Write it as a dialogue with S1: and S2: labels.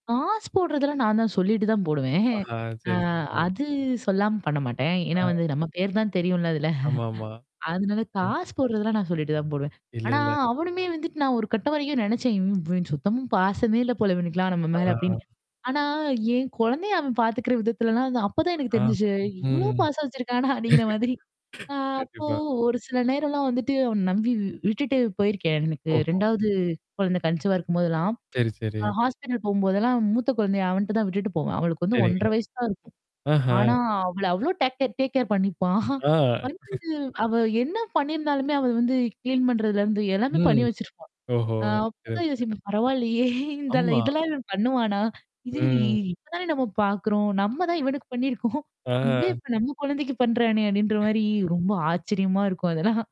S1: காசு போடுறதெல்லாம் நான் தான் சொல்லிட்டு தான் போடுவேன்.
S2: ஆஹா!
S1: அ
S2: சரி, சரி.
S1: அது சொல்லாம பண்ண மாட்டேன்.
S2: ஆ.
S1: ஏன்னா, வந்து நம்ம பேரு தான் தெரியும்ல அதில
S2: ஆமாமா.
S1: அதனால
S2: ம்.
S1: காசு போட்றதெல்லாம் நான் சொல்லிட்டு தான் போடுவேன்.
S2: இல்ல,
S1: ஆனா,
S2: இல்ல.
S1: அவனுமே வந்துட்டு நான் ஒரு கட்டம் வரைக்கும் நெனச்சேன், இவன் சுத்தமா பாசமே இல்ல போல இவனுக்கெல்லாம் நம்ம
S2: ஆ,
S1: மேல அப்பிடின்னு.
S2: ஆ.
S1: ஆனா என் குழந்தைய அவன் பார்த்துக்கிற விதத்துலலாம் அந்த அப்பதான் எனக்கு
S2: ஆ. ம்.
S1: தெரிஞ்சிச்சு, இவ்ளோ பாசம் வச்சுருக்கானா அப்பிடிங்கிற மாதிரி. நான் அப்போ
S2: கண்டிப்பா.
S1: ஒரு சில நேரம்லாம் வந்துட்டு அவன நம்பி விட்டுட்டு போயிருக்கேன். எனக்கு
S2: ஓஹோ!
S1: 2வது குழந்தை கன்சீவா இருக்கும்போதெல்லாம்.
S2: சரி சரி.
S1: ஹா ஹாஸ்பிட்டல் போம்போதெல்லாம் மூத்த குழந்தைய அவன்ட தான் விட்டுட்டு போவேன். அவளுக்கு வந்து
S2: சரிங்க.
S1: 1 1/2 வயசு தான் இருக்கும்.
S2: ஆஹா!
S1: ஆனா, அவள அவ்ளோ டேக் டேக் டேக் கேர் பண்ணிப்பான்
S2: ஆ,
S1: [unintelligible] அவ என்ன பண்ணியிருந்தாலுமே அவ வந்து கிளீன் பண்றதுலருந்து எல்லாமே பண்ணி
S2: ம்.
S1: வச்சிருப்பா!
S2: ஓஹோ!
S1: ஆ
S2: சரி,
S1: அப்பதான்
S2: ஓகே.
S1: யோசிப்பேன். பரவாயில்லயே! இந்த
S2: ஆமா.
S1: இதெல்லாம் இவன் பண்ணுவானா! இது இ
S2: ம்.
S1: இப்ப தானே நம்ம பார்க்குறோம். நம்ம தான் இவனுக்கு பண்ணியிருக்கோம் இவன்
S2: ஆ.
S1: இப்ப நம்ம குழந்தைக்கு பண்றானே! அப்பிடின்ற மாரி ரொம்ப ஆச்சரியமா இருக்கும் அதெல்லாம்.